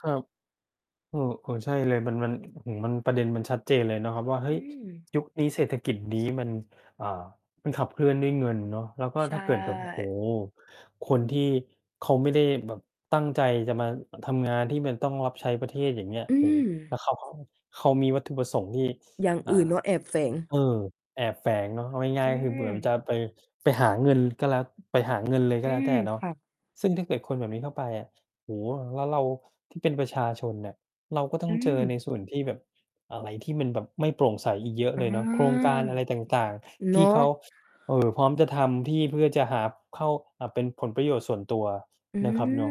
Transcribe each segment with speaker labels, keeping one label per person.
Speaker 1: ครับ เออ ๆ ใช่เลย มัน มัน อือ มัน ประเด็นมันชัดเจนเลยเนาะครับว่า เฮ
Speaker 2: อ
Speaker 1: ้
Speaker 2: ื
Speaker 1: ย
Speaker 2: ม
Speaker 1: ยุคนี้เศรษฐกิจ นี้ มัน อ่า มันขับเคลื่อนด้วยเงินเนาะ แล้วก็
Speaker 2: ใช
Speaker 1: ถ้าเกิดแบบ โอ้โฮ
Speaker 2: ่
Speaker 1: คนที่เขาไม่ได้แบบตั้งใจจะมาทำงาน ที่มันต้องรับใช้ประเทศ อย่างเงี้ย
Speaker 2: อื
Speaker 1: โอ้ แล้ว
Speaker 2: ม
Speaker 1: เขาก็ เขามีวัตถุประสงค์ ที่
Speaker 2: อย่าง
Speaker 1: อ่า
Speaker 2: อื่นเนาะ แอบแฝง
Speaker 1: เออ แอบแฝงเนาะ เอาง่า
Speaker 2: อื
Speaker 1: ย ๆ ก็คือเหมือ
Speaker 2: ม
Speaker 1: นจะไป ไปหาเงินก็แล้ว ไปหาเงินเลยก
Speaker 2: อ
Speaker 1: ็
Speaker 2: ื
Speaker 1: แล้วแต
Speaker 2: ม
Speaker 1: ่เนาะ
Speaker 2: ค่ะ
Speaker 1: ซึ่งถ้าเกิดคนแบบนี้เข้าไปอะ โอ้โฮ แล้วเราที่เป็นประชาชนน่ะ เราก็ต้
Speaker 2: อ
Speaker 1: อง
Speaker 2: ื
Speaker 1: เจอใน
Speaker 2: ม
Speaker 1: ส่วนที่แบบอะไรที่มันแบบไม่โปร่งใสอีกเยอะ
Speaker 2: อ
Speaker 1: เล
Speaker 2: า
Speaker 1: ยเนาะ โครงการอะไรต่าง ๆ
Speaker 2: เ
Speaker 1: ท
Speaker 2: น
Speaker 1: ี
Speaker 2: า
Speaker 1: ่เข
Speaker 2: ะ
Speaker 1: า เอ่อ พร้อมจะทำที่เพื่อจะหา เข้า อ่า เป็นผลประโยชน์ส่วนตัว
Speaker 2: อื
Speaker 1: นะครับเนา
Speaker 2: ม
Speaker 1: ะ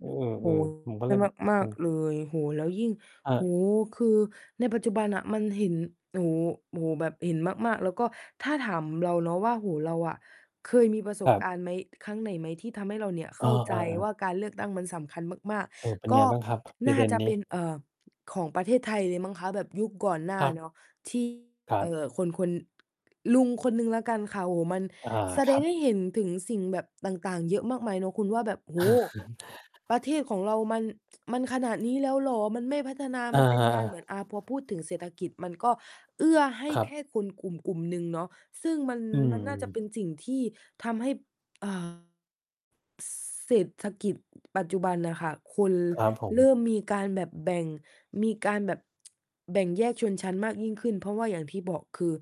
Speaker 1: เอ
Speaker 2: โอ้โ
Speaker 1: อ
Speaker 2: ฮ
Speaker 1: ๆ ผมก็
Speaker 2: ใช
Speaker 1: เล
Speaker 2: ่
Speaker 1: ยแบบ
Speaker 2: มา
Speaker 1: อื
Speaker 2: ก
Speaker 1: ม
Speaker 2: ๆ เลย โอ้โฮ แล้วยิ่ง
Speaker 1: คร
Speaker 2: โอ้โฮ
Speaker 1: ับ
Speaker 2: คือในปัจจุบันน่ะ มันเห็น โอ้โฮ โอ้โฮ แบบเห็นมาก ๆ แล้วก็ถ้าถามเราเนาะว่า โอ้โฮ เราอะ เคยมีประส
Speaker 1: ค
Speaker 2: บ
Speaker 1: รับ
Speaker 2: การณ์ไหม ครั้งไหนไหมที่ทำให้เราเนี่ย
Speaker 1: เ
Speaker 2: เ
Speaker 1: อ
Speaker 2: ข้าใจ
Speaker 1: อ
Speaker 2: ว่า
Speaker 1: ๆ ๆ
Speaker 2: การเลือกตั้งมันสำคัญมาก
Speaker 1: เออ เป็น
Speaker 2: ๆ ก
Speaker 1: ไง
Speaker 2: ็
Speaker 1: บ้างครับ ปร
Speaker 2: น
Speaker 1: ะ
Speaker 2: ่
Speaker 1: เ
Speaker 2: า
Speaker 1: ด็น
Speaker 2: จะ
Speaker 1: น
Speaker 2: เ
Speaker 1: ี
Speaker 2: ป
Speaker 1: ้?
Speaker 2: ็น เอ่อ ของประเทศไทยเลยมั้งคะ แบบยุคก่อนหน้
Speaker 1: ค
Speaker 2: า
Speaker 1: รับ
Speaker 2: เนาะ ที่
Speaker 1: ครั
Speaker 2: เอ
Speaker 1: บ
Speaker 2: ่อ คน คน ลุงคนหนึ่งแล้วกันค่ะ โอ้โฮ มัน
Speaker 1: อา
Speaker 2: แส
Speaker 1: ค
Speaker 2: ด
Speaker 1: รั
Speaker 2: งให
Speaker 1: บ
Speaker 2: ้เห็นถึงสิ่งแบบต่าง ๆ เยอะมากมายเนาะ คุณว่าแบบ โอ้โฮ ประเทศของเรามัน มันขนาดนี้แล้วเหรอ มันไม่พัฒนา
Speaker 1: อ
Speaker 2: มั
Speaker 1: า
Speaker 2: นเป็นการ
Speaker 1: ๆ
Speaker 2: เหมือน อา พอพูดถึงเศรษฐกิจ มันก็เอื้อให้
Speaker 1: ครั
Speaker 2: แค
Speaker 1: บ
Speaker 2: ่คนกลุ่ม ๆ หนึ่งเนาะ ซึ่งมัน
Speaker 1: อื
Speaker 2: ล มันน่าจะเป็
Speaker 1: ม
Speaker 2: นสิ่งที่ทำให้ อ่า ซ เศรษฐกิจปัจจุบันน่ะค่ะ คน
Speaker 1: ครับ ผ
Speaker 2: เร
Speaker 1: ม
Speaker 2: ิ่มมีการแบบแบ่ง มีการแบบ แบ่งแยกชนชั้นมากยิ่งขึ้น เพราะว่าอย่างที่บอก คือ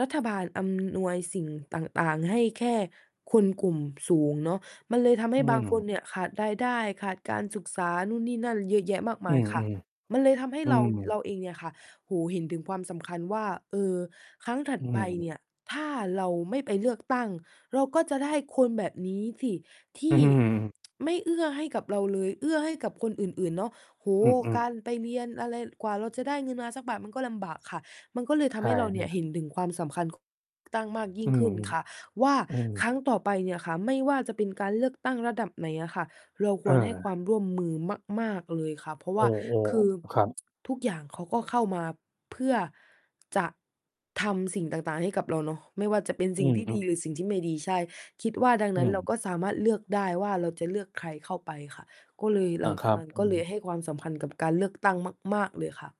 Speaker 2: รัฐบาลอำนวยสิ่งต่าง ๆ ให้แค่คนกลุ่มสูงเนาะ มันเลยทำให
Speaker 1: อื
Speaker 2: ้บางค
Speaker 1: ม
Speaker 2: นเนี่ย ขาดรายได้ ขาดการศึกษา นู่นนี่นั่นเยอะแยะมากม
Speaker 1: อื
Speaker 2: าย
Speaker 1: อ
Speaker 2: ค่ะ
Speaker 1: ๆ
Speaker 2: มันเลยทำให้
Speaker 1: อื
Speaker 2: เรา
Speaker 1: ม
Speaker 2: เราเองเนี่ยค่ะ โอ้โฮ เห็นถึงความสำคัญว่า เออ ครั้งถัด
Speaker 1: อื
Speaker 2: ไปเน
Speaker 1: ม
Speaker 2: ี่ย ถ้าเราไม่ไปเลือกตั้ง เราก็จะได้คนแบบนี้สิท
Speaker 1: อื
Speaker 2: ี่
Speaker 1: ม
Speaker 2: ไม่เอื้อให้กับเราเลย เอื้อให้กับคนอื่น ๆ เนาะ โอ้โ
Speaker 1: อื
Speaker 2: ฮ
Speaker 1: อ
Speaker 2: กา
Speaker 1: ๆ
Speaker 2: รไปเรียนอะไร กว่าเราจะได้เงินมาสักบาทมันก็ลำบากค่ะ มันก็เลยท
Speaker 1: ใช
Speaker 2: ำใ
Speaker 1: ่
Speaker 2: ห้เราเ
Speaker 1: ๆ
Speaker 2: ห็นถึงความสำคัญ ของ ตั้งมากยิ
Speaker 1: อื
Speaker 2: ่งขึ
Speaker 1: อ
Speaker 2: ้นค่ะว่า
Speaker 1: ๆ อือ
Speaker 2: ครั้งต่อไปเนี่ยค่ะ ไม่ว่าจะเป็นการเลือกตั้งระดับไหนอะค่ะ เราค
Speaker 1: เ
Speaker 2: วรให้ค
Speaker 1: ออ
Speaker 2: วามร่วมมือมาก ๆ เลยค่ะ เพราะว
Speaker 1: เออ
Speaker 2: ่า คือ
Speaker 1: ๆ ครับ
Speaker 2: ทุกอย่างเขาก็เข้ามาเพื่อ จะทำสิ่งต่าง ๆ ให้กับเราเนาะ ไม่ว่าจะเป็น
Speaker 1: อ
Speaker 2: ส
Speaker 1: ื
Speaker 2: ิ่งที่ด
Speaker 1: อ
Speaker 2: ี
Speaker 1: ๆ
Speaker 2: หรือสิ่งที่ไม่ดี ใช่ คิดว่าดัง
Speaker 1: อื
Speaker 2: นั้นเรา
Speaker 1: ม
Speaker 2: ก็สามารถเลือกได้ว่า เราจะเลือกใครเข้าไปค่ะ ก็เลย
Speaker 1: อ
Speaker 2: หล
Speaker 1: า
Speaker 2: ัง
Speaker 1: ค
Speaker 2: จา
Speaker 1: ร
Speaker 2: ก
Speaker 1: ับ
Speaker 2: นั้น
Speaker 1: อื
Speaker 2: ก็เลย
Speaker 1: อ
Speaker 2: ให้ความสำคัญกับการเลือก ตั้งมาก ๆ เลยค่ะ